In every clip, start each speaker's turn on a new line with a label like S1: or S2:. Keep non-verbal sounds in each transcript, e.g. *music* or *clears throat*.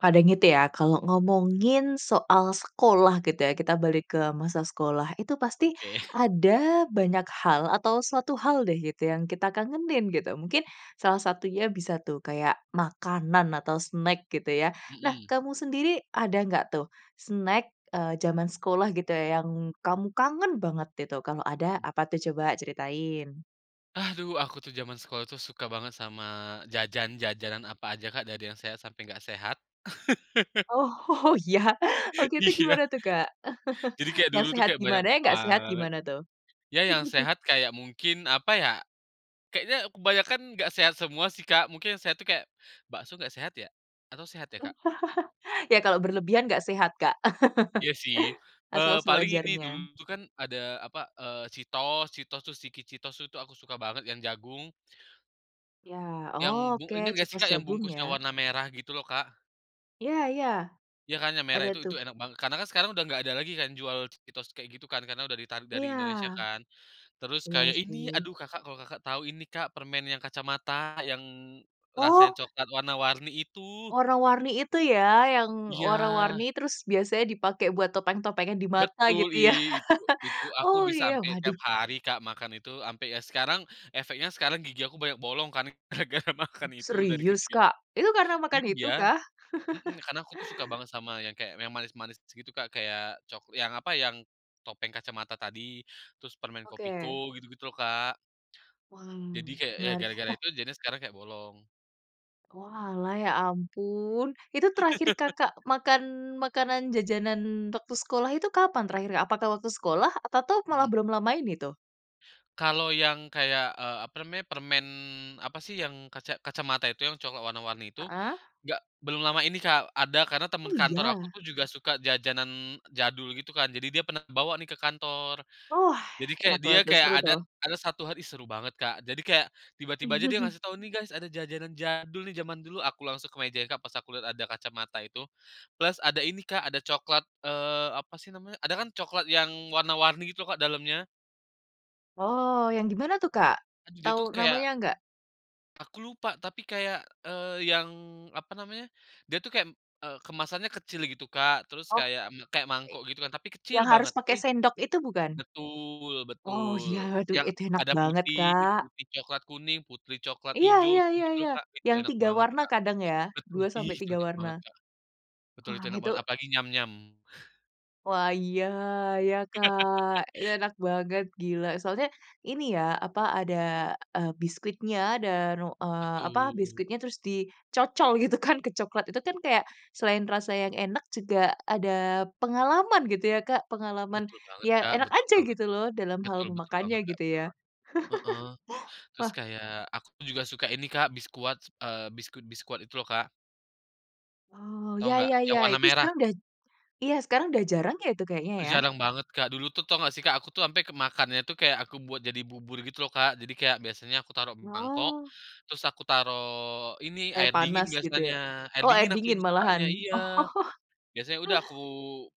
S1: Kadang itu ya, kalau ngomongin soal sekolah, gitu ya, kita balik ke masa sekolah. Itu, pasti,
S2: Oke. *chuckles*
S1: ada banyak hal, atau suatu hal deh, gitu, yang kita kangenin, gitu. Mungkin, salah satunya, bisa tuh, kayak, makanan atau snack gitu ya. Nah,
S2: Mhm.
S1: kamu sendiri, ada nggak tuh, snack, eee, jaman sekolah, gitu ya, yang kamu kangen banget? Itu, kalau ada,
S2: Mmm.
S1: apa tuh? Coba ceritain.
S2: Aduh, aku tuh, jaman sekolah tuh, suka banget sama jajan-jajanan, apa aja, Kak. Dari yang sehat, sampai nggak sehat *laughs*
S1: Oh, iya?
S2: *laughs*
S1: Waktu itu
S2: Iya.
S1: gimana tuh, Kak? *chuckles*
S2: Jadi, kayak,
S1: yang
S2: dulu tuh,
S1: sehat
S2: kayak, banyak
S1: gimana, yang gak sehat
S2: banget.
S1: gimana tuh?
S2: Ya, yang sehat,
S1: *chuckles*
S2: kayak mungkin, apa ya. Kayaknya, kebanyakan nggak sehat semua sih, Kak, mungkin, yang sehat itu, kayak, bakso nggak sehat, ya? Atau sehat, ya Kak?
S1: *chuckles* Ya, kalau berlebihan gak sehat Kak,
S2: Iya sih,
S1: *chuckles* asal
S2: eee, paling ini. Dulu
S1: sewajarnya.
S2: tuh kan, ada apa, eee, Cheetos Cheetos terus Chiki Cheetos tuh, itu aku suka banget, yang jagung
S1: Iya
S2: yang, bu
S1: oke,
S2: inget nggak sih
S1: Cheetos
S2: Kak, yang
S1: jagung
S2: bungkusnya
S1: ya?
S2: warna merah gitu loh, Kak.
S1: Iya iya.
S2: Ya kan, yang
S1: Ada
S2: merah itu itu
S1: tuh.
S2: enak banget. Karena kan, sekarang udah nggak ada lagi kan, jual Cheetos, kayak, gitu kan, karena udah ditarik dari Indonesia
S1: Iya!
S2: kan. Terus,
S1: Iya
S2: kayak, ini,
S1: sih.
S2: aduh Kakak, kalau Kakak tahu, ini Kak, permen yang kacamata, yang rasanya
S1: Oh
S2: coklat warna-warni itu.
S1: warna-warni itu, ya? Yang
S2: Iya.
S1: warna-warni, terus biasanya dipakai buat topeng-topengan di mata,
S2: Betul,
S1: gitu
S2: i
S1: ya?
S2: itu
S1: *laughs*
S2: itu, aku
S1: Oh
S2: bisa
S1: iya,
S2: ampe tiap
S1: waduh.
S2: hari Kak, makan itu, ampe ya, sekarang efeknya sekarang, gigi aku banyak bolong kan, gara gara, makan
S1: *clears throat*
S2: itu dari
S1: Serius,
S2: kecil.
S1: Kak? Itu, karena makan itu,
S2: Iya,
S1: kah?
S2: mhm, karena aku tuh, suka
S1: *laughs*
S2: banget sama, yang kayak, m manis-manis gitu, Kak. Kayak, cok yang apa, yang, topeng kacamata tadi. Terus, permen Kopiko,
S1: Oke.
S2: gitu gitu loh Kak
S1: Wah,
S2: jadi, kayak, ya,
S1: menarik.
S2: gara-gara
S1: Nah
S2: itu. Jadinya, sekarang kayak, bolong.
S1: Oalah, ya ampun. Itu, terakhir
S2: *laughs*
S1: Kakak makan, makanan, jajanan waktu sekolah, itu kapan terakhir, Kak? Apakah waktu sekolah? Apa tuh, malah
S2: Mhm.
S1: belum lama ini, tuh?
S2: Kalau, yang, kayak, eee, apa namanya, permen, apa sih, yang, kaca kacamata itu, yang coklat warna-warni itu.
S1: Heeh.
S2: Gak belum lama ini Kak, ada, karena temen
S1: Oh,
S2: kantor
S1: iya?
S2: aku juga suka jajanan jadul, gitu kan. Jadi, dia pernah bawa nih, ke kantor.
S1: Wah!
S2: Jadi kayak
S1: Enak
S2: dia
S1: banget tuh,
S2: kayak,
S1: seru
S2: ada
S1: tuh.
S2: ada 1 hari, seru banget Kak. Jadi, kayak, tiba-tiba aja, dia
S1: *chuckles*
S2: ngasih tahu, "Nih guys, ada jajanan jadul nih jaman dulu." Aku langsung ke meja Kak, pas aku lihat, ada kacamata itu, plus ada ini Kak, ada coklat, eee, apa sih namanya, ada kan coklat yang warna-warni, gitu Kak, dalamnya.
S1: Oh, yang dimana tuh, Kak?
S2: *unintelligible* Dia tuh dia tuh,
S1: Tahu
S2: kayak
S1: namanya, nggak?
S2: aku lupa, tapi kayak, eee, yang, apa namanya. Dia tuh, kayak, eeee, kemasannya kecil gitu, Kak. Terus,
S1: Oh
S2: kayak kayak mangkok gitu kan, tapi kecil
S1: yang harus
S2: banget. Tapi
S1: pakai sendok, itu bukan?
S2: betul
S1: Oh, iya
S2: betul,
S1: itu
S2: yang,
S1: itu enak
S2: ada
S1: banget
S2: putih
S1: Kak.
S2: putih, coklat, kuning, putih, coklat,
S1: Iya
S2: hijau
S1: iya iya
S2: gitu-gitu
S1: iya,
S2: loh, Kak. Itu,
S1: yang
S2: enak
S1: 3
S2: banget
S1: warna
S2: Kak
S1: kadang ya?
S2: betul
S1: dua sampai
S2: itu
S1: tiga
S2: enak
S1: warna.
S2: banget Kak. Betul,
S1: Wah
S2: itu enak
S1: itu
S2: banget, apalagi Nyam-Nyam.
S1: wah iya iya Kak.
S2: *laughs*
S1: Itu, enak banget "gila" soalnya ini ya apa, ada, eee, biskuitnya dan eee, apa,
S2: Betul.
S1: biskuitnya terus dicocol gitu kan, ke coklat. Itu kan, kayak, selain rasa yang enak juga ada pengalaman gitu ya, Kak, pengalaman,
S2: Betul banget,
S1: ya
S2: Kak,
S1: enak
S2: betul
S1: aja,
S2: banget.
S1: gitu loh, dalam hal
S2: Betul betul
S1: memakannya,
S2: banget Kak,
S1: gitu
S2: betul
S1: ya.
S2: banget heeh.
S1: *chuckles*
S2: Terus,
S1: Wah.
S2: kayak, aku tuh juga suka ini Kak, Biskuat, eee, biskuit Biskuat itu loh, Kak
S1: Oh,
S2: tahu
S1: ya
S2: nggak?
S1: ya ya.
S2: Yang warna
S1: Itu,
S2: merah.
S1: sekarang udah j iya, sekarang udah jarang, ya? Itu kayaknya,
S2: Udah
S1: ya?
S2: jarang banget Kak, dulu tuh, tahu enggak sih Kak, aku tuh ampe kemakannya tuh, kayak, aku buat jadi bubur, gitu loh Kak. Jadi, kayak, biasanya aku taruh mangkok,
S1: Wah.
S2: terus aku taruh ini,
S1: Air
S2: air dingin
S1: panas gitu, ya?
S2: biasanya, air
S1: Oh, air
S2: dingin aku
S1: dingin
S2: lebih
S1: malahan.
S2: sukanya iya.
S1: *chuckles*
S2: Biasanya, udah aku,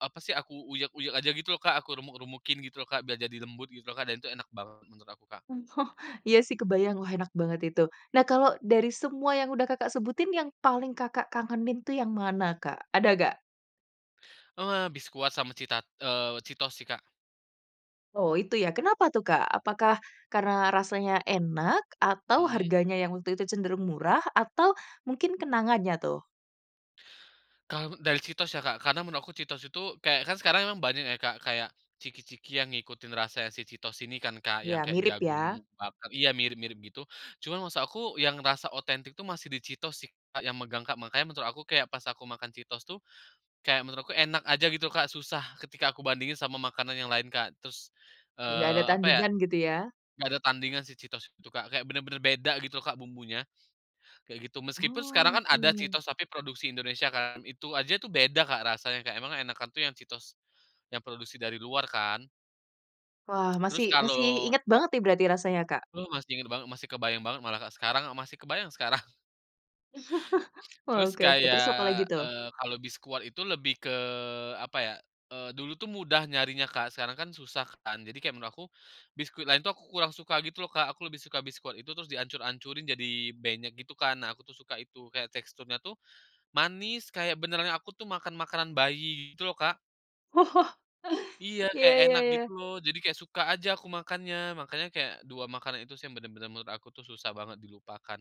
S2: apa sih, aku uyek-uyek aja, gitu loh Kak, aku remuk-remukin, gitu loh Kak. Biar jadi lembut, gitu loh Kak, dan itu enak banget menurut aku Kak.
S1: *chuckles* Iya sih, kebayang, wah, enak banget itu. Nah, kalau dari semua yang udah Kakak sebutin, yang paling Kakak kangenin itu yang mana Kak, ada nggak?
S2: Wah, Biskuat sama cita eee, Cheetos sih Kak.
S1: Oh, itu ya? Kenapa tuh, Kak? Apakah, karena rasanya enak, atau
S2: Mhm.
S1: harganya yang waktu itu cenderung murah, atau mungkin kenangannya, tuh?
S2: Kalau, dari Cheetos ya Kak. Karena, menurut aku Cheetos itu, kayak, kan sekarang memang banyak ya Kak. Kayak, chiki-chiki yang ngikutin rasa si Cheetos ini kan, Kak, yang
S1: Iya,
S2: kayak,
S1: mirip
S2: jagung
S1: ya?
S2: bakar iya, mirip-mirip gitu. Cuman, maksud aku, yang rasa otentik itu, masih di Cheetos sih Kak, yang megang Kak. Makanya, menurut aku, kayak, pas aku makan Cheetos tuh. Kayak, menurutku enak aja, gitu loh Kak, susah ketika aku bandingin sama makanan yang lain Kak. Terus,
S1: Nggak ada
S2: eee, apa ya,
S1: tandingan, gitu ya?
S2: nggak ada tandingan si Cheetos itu Kak, kayak, benar-benar beda gitu loh Kak, bumbunya, kayak gitu. Meskipun,
S1: Wah,
S2: sekarang kan, ada
S1: oke.
S2: Cheetos, tapi produksi Indonesia kan, itu aja tuh, beda Kak rasanya Kak, emang enakan tuh yang Cheetos, yang produksi dari luar kan
S1: Wah, masih
S2: terus,
S1: masih
S2: kalau
S1: ingat banget nih, berarti rasanya, Kak?
S2: Aduh, masih inget banget, masih kebayang banget, malah Kak. Sekarang, masih kebayang sekarang.
S1: *chuckles*
S2: Terus,
S1: Oke oke, terus apalagi
S2: kayak,
S1: tuh?
S2: eee, kalau Biskuat itu lebih ke, apa ya, eee, dulu tuh mudah nyarinya Kak, sekarang kan, susah kan. Jadi, kayak, menurut aku, biskuit lain tuh, kurang suka, gitu loh Kak, aku lebih suka Biskuat itu, terus dihancur-hancurin, jadi benyek gitu kan. Nah, aku tuh suka itu, kayak, teksturnya tuh, manis, kayak, benerannya, aku tuh makan, makanan bayi, gitu loh Kak.
S1: *chuckles*
S2: Iya,
S1: Iya
S2: kayak,
S1: iya
S2: enak
S1: iya.
S2: gitu loh. Jadi, kayak, suka aja aku makannya, makanya kayak 2 makanan itu sih, yang benar-benar menurut aku tuh, susah banget dilupakan.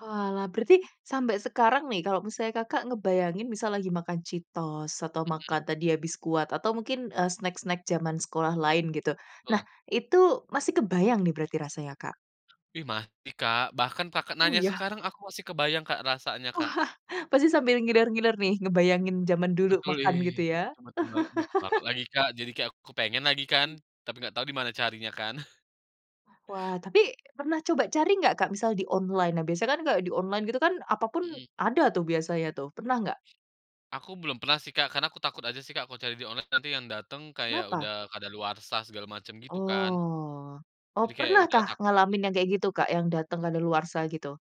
S1: Oalah, berarti sampai sekarang nih, kalau misalnya Kakak ngebayangin, misal lagi makan Cheetos, atau
S2: Mhm.
S1: makan tadi ya, Biskuat atau mungkin, eee, snack-snack jaman sekolah lain, gitu. Nah,
S2: Betul.
S1: itu masih kebayang nih, berarti rasanya Kak?
S2: Ih, masih Kak. Bahkan, Kakak
S1: Oh,
S2: nanya
S1: iya?
S2: sekarang, aku masih kebayang Kak, rasanya Kak.
S1: Wah, pasti sambil ngiler-ngiler nih, ngebayangin jaman dulu
S2: Betul,
S1: makan, gitu
S2: ih,
S1: ya?
S2: itu betul banget betul banget
S1: *chuckles*
S2: lagi, Kak. Jadi, kayak, aku kepengen lagi kan. Tapi, enggak tahu dimana carinya, kan. *chuckles*
S1: Wah, tapi pernah coba cari nggak, Kak? Misal di online. Nah, biasanya kan, kayak, di online gitu kan, apa pun,
S2: Mhm.
S1: ada tuh, biasanya tuh, pernah nggak?
S2: Aku belum pernah sih Kak, karena aku takut aja sih Kak, kalau cari di online nanti yang datang, kayak,
S1: Kenapa?
S2: udah kadaluarsa segala macam, gitu kan.
S1: Oh oh
S2: Jadi, kayak, ya
S1: pernah
S2: udahlah,
S1: kah?
S2: takut
S1: Ngalamin
S2: aja.
S1: yang, kayak, gitu Kak? Yang datang kadaluarsa, gitu?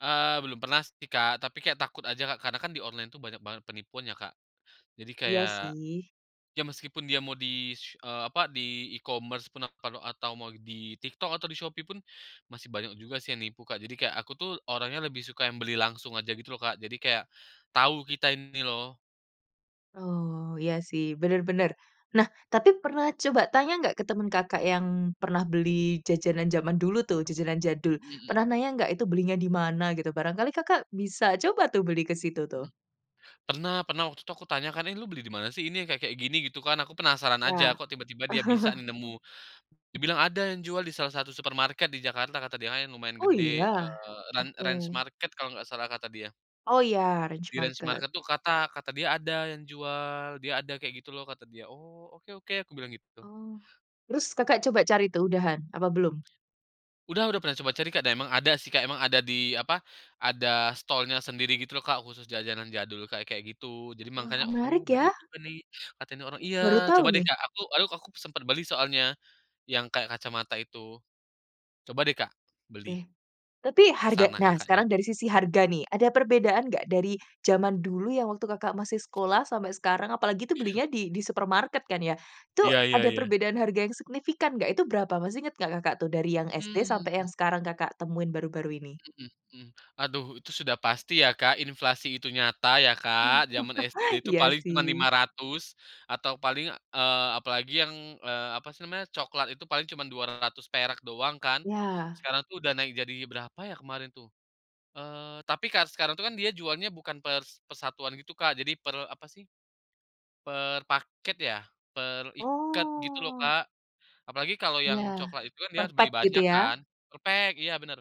S2: Eee, belum pernah sih Kak. Tapi, kayak, takut aja Kak, karena kan di online tuh, banyak banget penipuan ya Kak. Jadi,
S1: Iya
S2: kayak,
S1: sih.
S2: ya meskipun dia mau di se eee, apa, di e-commerce pun atau kalau atau mau di TikTok atau di Shopee pun, masih banyak juga sih, yang nipu Kak. Jadi, kayak, aku tuh orangnya, lebih suka yang beli langsung aja, gitu loh Kak. Jadi, kayak, tahu kita ini loh.
S1: Oh, iya sih, benar benar. Nah, tapi pernah coba tanya nggak, ke teman Kakak, yang pernah beli jajanan, jaman dulu tuh, jajanan jadul.
S2: Mhm.
S1: Pernah, nanya nggak, "Itu belinya dimana?" Gitu, barangkali Kakak bisa coba tuh, beli ke situ, tuh.
S2: Mmm. Pernah pernah, waktu itu aku tanya kan, "Ini, lu beli di mana sih ini, yang kayak-kayak, gini?" Gitu kan, aku penasaran
S1: Iya.
S2: aja, "Kok tiba-tiba dia bisa nih,
S1: *chuckles*
S2: nemu." Dia bilang, "Ada yang jual, di salah satu supermarket di Jakarta," kata dia Kak, yang lumayan
S1: Oh, iya?
S2: gede, eee, "Ran Ranch
S1: Oke.
S2: Market," kalau nggak salah, kata dia.
S1: Oh, iya Ranch
S2: Di Ranch
S1: Market.
S2: market tuh, kata kata dia, ada yang jual, "Dia ada," kayak gitu loh, kata dia. "Oh, oke oke," aku bilang gitu tuh.
S1: Oh. Terus, Kakak coba cari tuh, udahan, apa belum?
S2: Udah udah pernah coba cari Kak, dan emang ada sih Kak emang ada di, apa, ada stall-nya sendiri gitu loh Kak, khusus jajanan jadul kayak-kayak gitu. Jadi,
S1: Wah,
S2: makanya "Oh,
S1: menarik ya?
S2: bener juga nih, katanya nih orang" iya,
S1: Baru
S2: coba
S1: tahu,
S2: deh
S1: nih.
S2: Kak, aku aku sempet beli soalnya, yang kayak, kacamata itu. Coba deh Kak, beli,
S1: Oke. Tapi,
S2: ke
S1: harga
S2: sana
S1: nah,
S2: Kakaknya.
S1: sekarang dari sisi harga, nih. Ada perbedaan nggak? Dari, jaman dulu, yang waktu Kakak masih sekolah, sampai sekarang, apalagi itu belinya, di di supermarket kan, ya? Itu,
S2: Iya iya
S1: ada
S2: iya.
S1: perbedaan harga yang signifikan, nggak? Itu berapa, masih inget nggak Kakak tuh? Dari yang SD sampai
S2: Mmm.
S1: yang sekarang Kakak temuin, baru-baru ini?
S2: Mhm mhm. Aduh, itu sudah pasti ya Kak, inflasi itu nyata ya
S1: *chuckles*
S2: Kak, jaman SD itu
S1: Iya
S2: paling cuman lima
S1: sih.
S2: ratus atau paling, eee, apalagi yang, eee, apa sih namanya, coklat itu, paling cuman Rp200 doang kan.
S1: Iya.
S2: Sekarang tuh, udah naik jadi berapa ya, kemarin tuh, eee, tapi kar sekarang tuh kan, dia jualnya bukan per per satuan gitu, Kak. Jadi, per apa sih, per paket ya, per ikat, gitu loh
S1: Oh.
S2: Kak. Apalagi, kalau yang
S1: Iya,
S2: coklat itu kan, dia
S1: per
S2: harus beli
S1: pak gitu,
S2: banyak
S1: ya?
S2: kan per-pack! iya benar.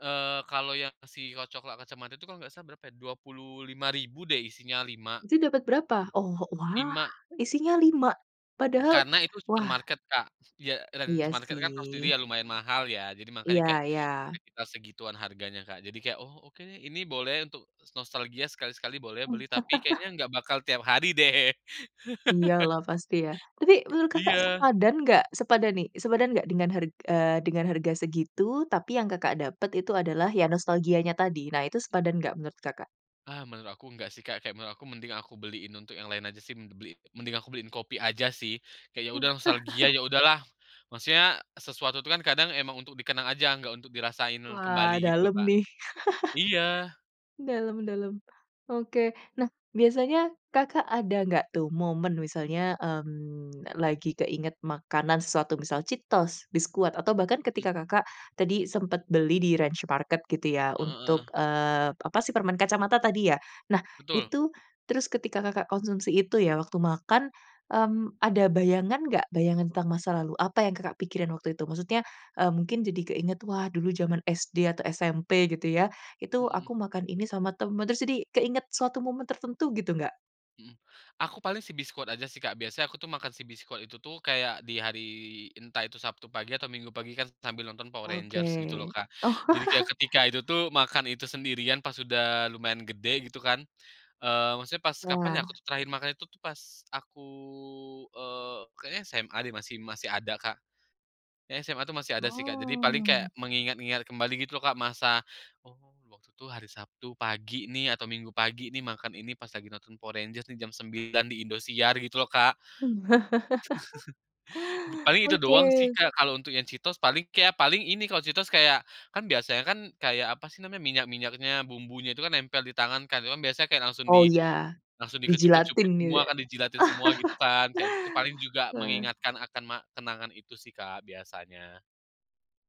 S2: Eee, kalau yang, si ko coklat kacamata itu, nggak salah, berapa ya, Rp25.000 deh isinya 5.
S1: Itu, dapat berapa? Oh, wah,
S2: 5.
S1: isinya 5? Padahal
S2: Karena itu
S1: wah
S2: supermarket Kak iya. Dan
S1: Iya
S2: supermarket kan, tau sendiri
S1: sih.
S2: ya, lumayan mahal ya. Jadi, makanya
S1: Iya
S2: kayak,
S1: iya.
S2: sekitar segituan harganya Kak. Jadi, kayak, "Oh, oke. Ini boleh untuk nostalgia, sekali sekali boleh, beli," tapi
S1: *chuckles*
S2: kayaknya, nggak bakal tiap hari deh.
S1: Iya
S2: *laughs*
S1: lah, pasti ya. Tapi, menurut Kakak
S2: Iya.
S1: sepadan nggak sepadan nih sepadan nggak dengan harg eee, dengan harga segitu, tapi yang Kakak dapat itu, adalah, ya nostalgianya tadi. Nah, itu
S2: Mmm.
S1: sepadan nggak, menurut Kakak?
S2: Ah, menurut aku enggak sih Kak, kayak, menurut aku, mending aku beliin untuk yang lain aja sih, men beli mending aku beliin kopi aja sih, kayak, "Ya udah, nostalgia,
S1: *chuckles*
S2: ya udah lah." Maksudnya, sesuatu itu kan, kadang emang untuk di kenang aja, nggak untuk dirasain kembali,
S1: Wah,
S2: gitu loh
S1: dalam
S2: Kak.
S1: nih.
S2: Iya.
S1: *chuckles* Dalam dalam. Oke, nah biasanya Kakak ada nggak tuh momen misalnya, mmm, lagi keinget makanan sesuatu, misal Cheetos, Biskuat, atau bahkan
S2: Mhm.
S1: ketika Kakak tadi sempet beli di Ranch Market gitu, ya.
S2: Heeh
S1: Untuk,
S2: heeh.
S1: eee, apa sih, permen kacamata tadi ya. Nah
S2: Betul.
S1: itu, terus ketika Kakak konsumsi itu ya, waktu makan, mmm, ada bayangan nggak? Bayangan tentang masa lalu, apa yang Kakak pikiran waktu itu? Maksudnya, eee, mungkin jadi keinget, "Wah dulu jaman SD atau SMP gitu ya,
S2: Hmm
S1: itu
S2: Mhm.
S1: aku makan ini sama temen." Terus, jadi keinget suatu momen tertentu gitu, nggak?
S2: Mhm. Aku, paling sih, biskuat aja sih Kak, biasanya aku tuh makan si biskuat itu tuh, kayak, di hari, entah itu Sabtu pagi, atau Minggu pagi kan, sambil nonton Power Rangers, gitu loh
S1: Oke.
S2: Kak. Jadi, kayak, ketika
S1: *chuckles*
S2: itu tuh, makan itu sendirian pas udah lumayan gede, gitu kan, eee, maksudnya, pas kapan ya,
S1: Iya.
S2: aku tuh terakhir makan itu tuh, pas aku, eee, kayaknya SMA deh masih masih ada Kak. SMA itu masih ada sih Kak. Jadi, paling kayak,
S1: Oh.
S2: mengingat-ngingat kembali, gitu loh Kak, masa, "Oh, waktu itu, hari Sabtu pagi nih atau Minggu pagi nih, makan ini, pas lagi nonton Power Rangers di jam 9.00, di Indosiar," gitu loh Kak. *chuckles*
S1: *laughs*
S2: Paling, itu
S1: Oke.
S2: doang sih Kak, kalau untuk yang Cheetos, paling kayak paling ini, kalau Cheetos, kayak. Kan, biasanya kan, kayak, apa sih namanya, minyak-minyaknya, bumbunya itu kan nempel di tangan kan, itu kan biasanya kayak, langsung
S1: Oh,
S2: di
S1: iya.
S2: langsung di
S1: Dijilatin
S2: kecup-kecupin semua
S1: nih.
S2: kan, dijilatin semua, gitu
S1: *laughs*
S2: kan. Kayak, itu tuh paling juga
S1: Ah.
S2: mengingatkan akan, ma kenangan itu sih Kak, biasanya.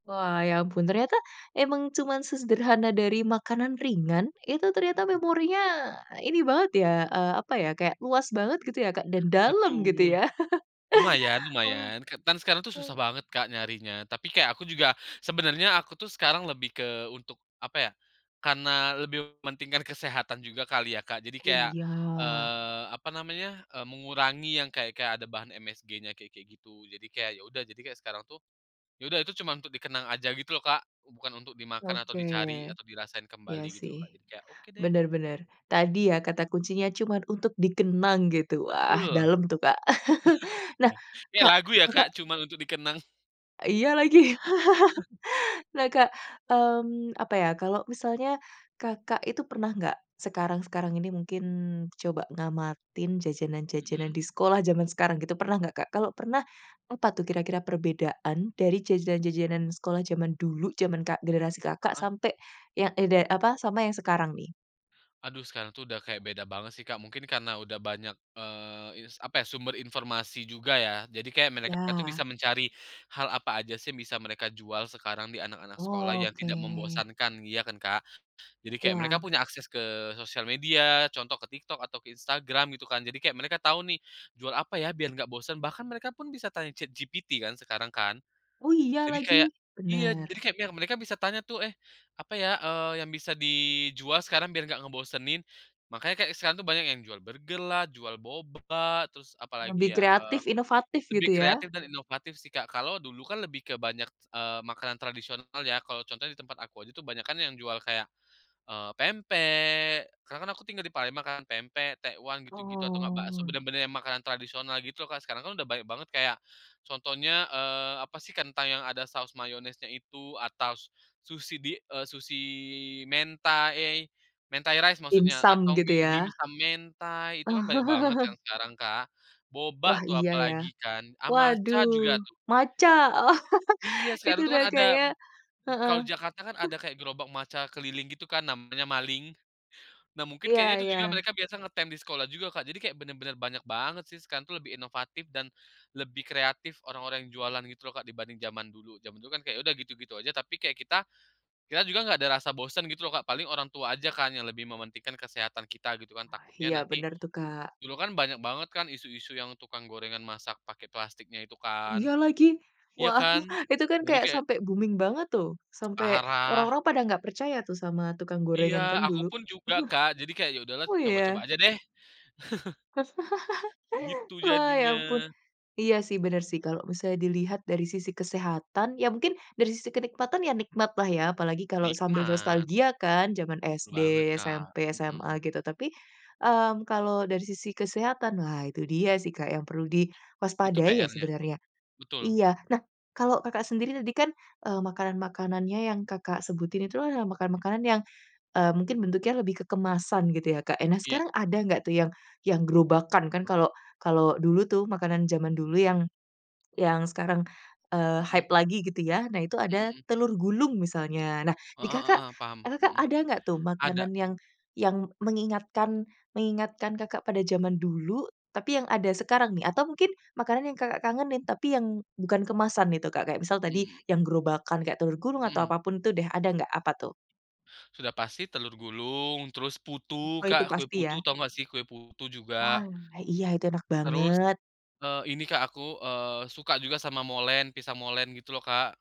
S1: Wah, ya ampun. Ternyata, emang cuman sesederhana dari makanan ringan. Itu, ternyata
S2: Mmm.
S1: memorinya, ini banget ya, eee, apa ya, kayak, luas banget gitu ya, Kak, dan dalam, gitu
S2: Betul!
S1: ya?
S2: Lumayan
S1: *chuckles* Wah.
S2: lumayan kan dan sekarang tuh susah banget Kak, nyarinya. Tapi, kayak, aku juga sebenarnya, aku tuh sekarang lebih ke, untuk, apa ya. Karena, lebih mementingkan kesehatan juga kali ya, Kak. Jadi,
S1: Oh,
S2: kayak,
S1: iya.
S2: eee, apa namanya, eee, mengurangi yang kayak-kayak ada bahan MSG-nya, kayak-kayak gitu. Jadi, kayak, ya udah jadi kayak sekarang tuh. Ya udah, Itu cuma untuk dikenang aja, gitu loh Kak, bukan untuk dimakan atau
S1: Oke.
S2: dicari atau dirasain
S1: Iya
S2: kembali, gitu
S1: sih.
S2: loh Kak. Jadi, kayak, "Oke deh."
S1: Benar benar. Tadi ya, kata kuncinya, "cuman untuk dikenang," gitu. Wah,
S2: Betul.
S1: dalem tuh Kak. *chuckles* Nah
S2: *laughs* Kayak
S1: Kak,
S2: lagu ya,
S1: Kakak
S2: Kak? "Cuma untuk dikenang."
S1: Iya lagi.
S2: *chuckles*
S1: *chuckles* Nah Kak, mmm, apa ya, kalau misalnya, Kakak itu pernah nggak, sekarang sekarang ini mungkin, coba ngamatin jajanan-jajanan
S2: Mhm.
S1: di sekolah, jaman sekarang gitu, pernah nggak Kak? Kalau pernah, apa tuh kira-kira perbedaan dari jajanan-jajanan sekolah jaman dulu, jaman Kak generasi Kakak,
S2: Heeh.
S1: sampai yang ide apa, sama yang sekarang, nih?
S2: Aduh, sekarang tuh udah kayak beda banget sih Kak, mungkin karena udah banyak, eee, ins apa ya, sumber informasi juga ya. Jadi, kayak, mereka itu
S1: Iya.
S2: bisa mencari hal apa aja sih, yang bisa mereka jual sekarang, di anak-anak sekolah yang
S1: Oke.
S2: tidak membosankan, ya kan Kak? Jadi, kayak, mereka
S1: Iya.
S2: punya akses ke sosial media, contoh ke TikTok atau ke Instagram gitu kan. Jadi, kayak, mereka tahu nih, "Jual apa ya? Biar nggak bosen," bahkan mereka pun bisa tanya ChatGPT kan, sekarang kan.
S1: Oh, iya
S2: Jadi,
S1: lagi.
S2: kayak iya,
S1: Benar.
S2: jadi kayak, mereka bisa tanya tuh, "Eh apa ya, eee, yang bisa dijual sekarang biar nggak ngebosenin?" Makanya kayak sekarang tuh, banyak yang jual burger lah, jual boba, terus
S1: Lebih
S2: apalagi ya, eee.
S1: kreatif, inovatif,
S2: Lebih
S1: gitu ya?
S2: kreatif dan inovatif sih Kak. Kalau dulu kan, lebih ke banyak, eee, makanan tradisional ya, kalau contohnya di tempat aku aja tuh, banyakan yang jual, kayak, eee, pempek. Karena kan, aku tinggal di Palembang makan pempek, tekwan, gitu-gitu atau nggak bakso,
S1: Oh.
S2: benar-benar yang makanan tradisional gitu loh Kak, sekarang kan udah banyak banget kayak, contohnya, eee, apa sih, ketang yang ada saus mayonesnya itu atau sushi di, eee, sushi di mentai mentai rice maksudnya
S1: Dimsum,
S2: atau
S1: gitu
S2: *unintelligible*
S1: ya?
S2: dimsum mentai. Itu
S1: Oh.
S2: kan, banyak banget kan,
S1: *chuckles*
S2: sekarang Kak, boba
S1: Wah,
S2: tuh
S1: iya iya.
S2: apalagi kan, ah, matcha
S1: Waduh,
S2: juga tuh.
S1: matcha.
S2: Iya,
S1: *chuckles* Itu
S2: sekarang itu
S1: udah,
S2: kan
S1: kayaknya
S2: ada.
S1: heeh.
S2: Kalau di Jakarta kan,
S1: *chuckles*
S2: ada kayak gerobak matcha keliling gitu kan, namanya maling. Nah, mungkin
S1: Iya
S2: kayaknya itu
S1: iya.
S2: juga mereka biasa ngetem di sekolah juga Kak. Jadi, kayak benar-benar banyak banget sih, sekarang tuh lebih inovatif dan lebih kreatif orang-orang yang jualan gitu loh Kak, dibanding jaman dulu jaman dulu kan, kayak, ya udah gitu-gitu aja, tapi kayak kita kita juga nggak ada rasa bosan gitu loh Kak, paling orang tua aja kan, yang lebih mementingkan kesehatan kita gitu kan,
S1: Wah,
S2: takutnya
S1: iya,
S2: nanti
S1: benar tuh Kak.
S2: dulu kan banyak banget kan isu-isu yang tukang gorengan masak pakai plastiknya itu kan.
S1: Iya lagi.
S2: Iya
S1: Wah,
S2: kan?
S1: *chuckles* itu kan,
S2: Jadi,
S1: kayak,
S2: kayak
S1: sampai booming banget, tuh. Sampai,
S2: Parah.
S1: orang-orang pada nggak percaya tuh, sama tukang
S2: Iya,
S1: gorengan kan,
S2: aku
S1: dulu?
S2: pun
S1: *chuckles*
S2: juga Kak. Jadi, kayak, "Ya udahlah,
S1: Oh,
S2: coba-coba
S1: iya?
S2: aja deh." *chuckles*
S1: *chuckles*
S2: Gitu,
S1: Wah, ya
S2: jadinya.
S1: ampun. Iya sih, benar sih. Kalau, bisa dilihat dari sisi kesehatan ya, mungkin dari sisi kenikmatan ya, nikmat lah ya, apalagi kalau sambil
S2: Nikmat.
S1: nostalgia kan, jaman SD,
S2: Betul banget Kak,
S1: SMP, SMA,
S2: mhm.
S1: gitu. Tapi, mmm, kalau dari sisi kesehatan lah, itu dia sih Kak, yang perlu
S2: Itu
S1: diwaspadai ya,
S2: PR-nya.
S1: sebenarnya
S2: Betul.
S1: iya. Nah, kalau Kakak sendiri tadi kan, eee, makanan-makanannya yang Kakak sebutin, itu adalah makanan makanan yang, eee, mungkin bentuknya lebih ke kemasan, gitu ya, Kak. Nah,
S2: Iya.
S1: sekarang ada nggak tuh yang yang gerobakan, kan kalau kalau dulu tuh, makanan jaman dulu yang, yang sekarang, eee,
S2: Mhm.
S1: hype lagi, gitu ya. Nah, itu
S2: Mhm
S1: ada
S2: mhm.
S1: telur gulung misalnya. Nah, di
S2: Heeh
S1: Kakak,
S2: heeh, paham.
S1: eee, Kakak
S2: Mhm,
S1: ada nggak tuh
S2: ada.
S1: makanan yang yang mengingatkan mengingatkan Kakak pada jaman dulu? Tapi yang ada, sekarang nih atau mungkin makanan yang Kakak kangenin, tapi yang bukan kemasan itu Kak? Kayak, misal, tadi
S2: Hmm.
S1: yang gerobakan, kayak, telur gulung atau
S2: Mhm.
S1: apa pun itu deh, ada nggak? Apa tuh?
S2: Sudah pasti telur gulung, terus putu
S1: Wah, itu
S2: Kak, kue
S1: pasti
S2: putu,
S1: ya.
S2: tahu nggak sih? Kue putu juga
S1: Wah, iya itu enak
S2: terus,
S1: banget.
S2: eee, ini Kak, aku, eee, suka juga sama molen, pisang molen gitu loh Kak.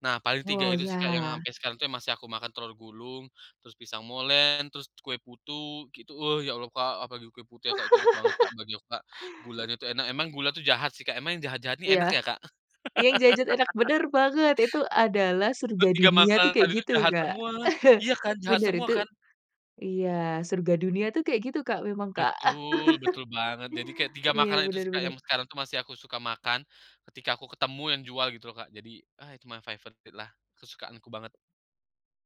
S2: Nah, paling 3
S1: Oh,
S2: itu sih Kak, yang
S1: iya.
S2: sampai sekarang itu, masih aku makan, telur gulung, terus pisang molen, terus kue putu gitu, "Wah, ya Allah Kak," apalagi kue putu ya Kak, itu enak banget Kak,
S1: *laughs*
S2: bagi aku Kak, gulanya itu enak, emang gula itu jahat sih Kak, emang yang jahat-jahat ini
S1: Iya.
S2: enak ya Kak?
S1: Yang jahat-jahat, enak
S2: *laughs*
S1: benar banget. Itu, adalah surga
S2: Kan, 3
S1: dunia tuh,
S2: makanan
S1: kayak
S2: tadi itu
S1: gitu,
S2: jahat
S1: Kak.
S2: semua,
S1: *chuckles*
S2: iya kan? Jahat
S1: Bener
S2: semua
S1: itu
S2: kan?
S1: iya surga dunia tuh, kayak gitu, Kak, memang Kak.
S2: Betul, betul banget. Jadi, kayak,
S1: *chuckles*
S2: 3
S1: Iya,
S2: makanan itu
S1: benar
S2: sih Kak,
S1: benar.
S2: yang sekarang tuh, masih aku suka makan. Ketika aku ketemu, yang jual gitu loh Kak. Jadi, "Ah, itu my favorite lah, kesukaanku banget."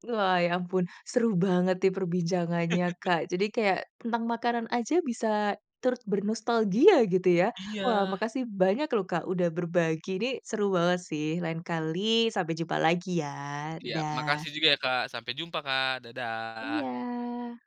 S1: Wah, ya ampun, seru banget nih perbincangannya
S2: *laughs*
S1: Kak. Jadi, kayak, tentang makanan aja bisa turut bernostalgia, gitu ya. Wah,
S2: Iya!
S1: makasih banyak loh Kak, udah berbagi, ini seru banget sih, lain kali sampai jumpa lagi ya,
S2: Iya,
S1: dadah.
S2: makasih juga ya Kak. Sampai jumpa Kak. Dadah.
S1: Iya.